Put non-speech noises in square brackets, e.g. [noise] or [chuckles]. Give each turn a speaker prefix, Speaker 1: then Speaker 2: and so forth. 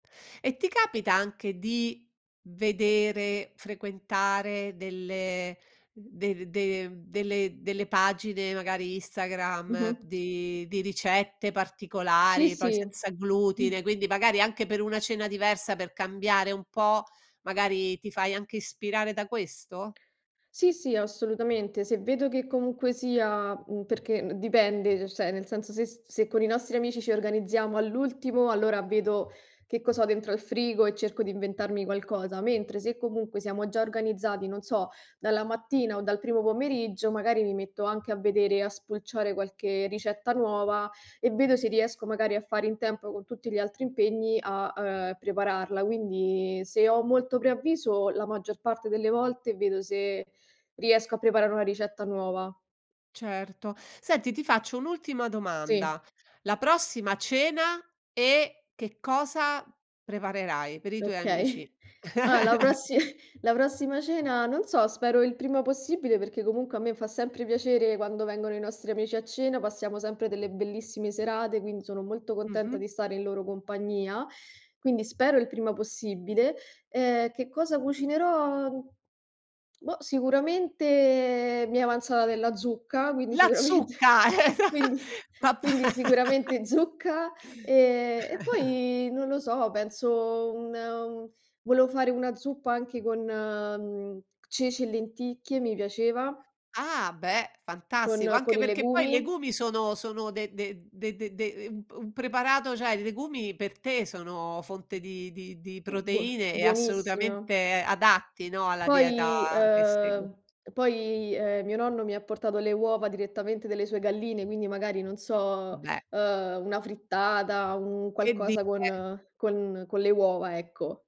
Speaker 1: E ti capita anche di vedere, frequentare delle de de mhmm, delle delle pagine, magari Instagram,
Speaker 2: Mh-mh.
Speaker 1: di di ricette
Speaker 2: Sì,
Speaker 1: particolari, poi
Speaker 2: sì,
Speaker 1: senza
Speaker 2: mh.
Speaker 1: glutine, quindi magari anche per una cena diversa, per cambiare un po', magari ti fai anche ispirare da questo?
Speaker 2: Sì, sì, assolutamente. Se vedo che comunque sia, mhmm, perché, mhmm, d dipende, cioè, nel senso, se se con i nostri amici ci organizziamo all'ultimo, allora vedo che cos'ho dentro al frigo e cerco di inventarmi qualcosa, mentre se comunque siamo già organizzati, non so, dalla mattina o dal primo pomeriggio, magari mi metto anche a vedere, a spulciare qualche ricetta nuova e vedo se riesco magari a fare in tempo con tutti gli altri impegni a, uhm, prepararla. Quindi, se ho molto preavviso, la maggior parte delle volte vedo se riesco a preparare una ricetta nuova.
Speaker 1: Certo, senti ti faccio un'ultima
Speaker 2: Sì.
Speaker 1: domanda, la prossima cena e che cosa preparerai per i tuoi
Speaker 2: Okay.
Speaker 1: amici?
Speaker 2: Allora la
Speaker 1: [chuckles]
Speaker 2: prossi la prossima cena, non so, spero il prima possibile perché comunque a me fa sempre piacere quando vengono i nostri amici a cena, passiamo sempre delle bellissime serate, quindi sono molto contenta
Speaker 1: Mh-mh.
Speaker 2: di stare in loro compagnia, quindi spero il prima possibile. Eh, che cosa cucinerò? Boh, sicuramente mi è avanzata della zucca, quindi
Speaker 1: La
Speaker 2: sicuramente
Speaker 1: zucca! esa
Speaker 2: quindi
Speaker 1: pa pà
Speaker 2: quindi sicuramente zucca, ehm, e
Speaker 1: [chuckles]
Speaker 2: poi non lo so, penso un u volevo fare una zuppa anche con, mhmm, ceci e lenticchie. Mi piaceva.
Speaker 1: Ah, beh,
Speaker 2: Con
Speaker 1: fantastico,
Speaker 2: con
Speaker 1: anche
Speaker 2: i
Speaker 1: perché poi i
Speaker 2: legumi.
Speaker 1: legumi sono sono de de de de de u un p un preparato, cioè i legumi per te sono fonte di di di
Speaker 2: Buo
Speaker 1: proteine e
Speaker 2: buonissimo.
Speaker 1: assolutamente adatti, no, alla
Speaker 2: Poi,
Speaker 1: dieta che segui.
Speaker 2: uhm, e poi, uhm, mio nonno mi ha portato le uova direttamente delle sue galline, quindi magari, non so,
Speaker 1: Beh!
Speaker 2: uhm, una frittata, un
Speaker 1: Che
Speaker 2: qualcosa
Speaker 1: dire!
Speaker 2: con con con le uova, ecco.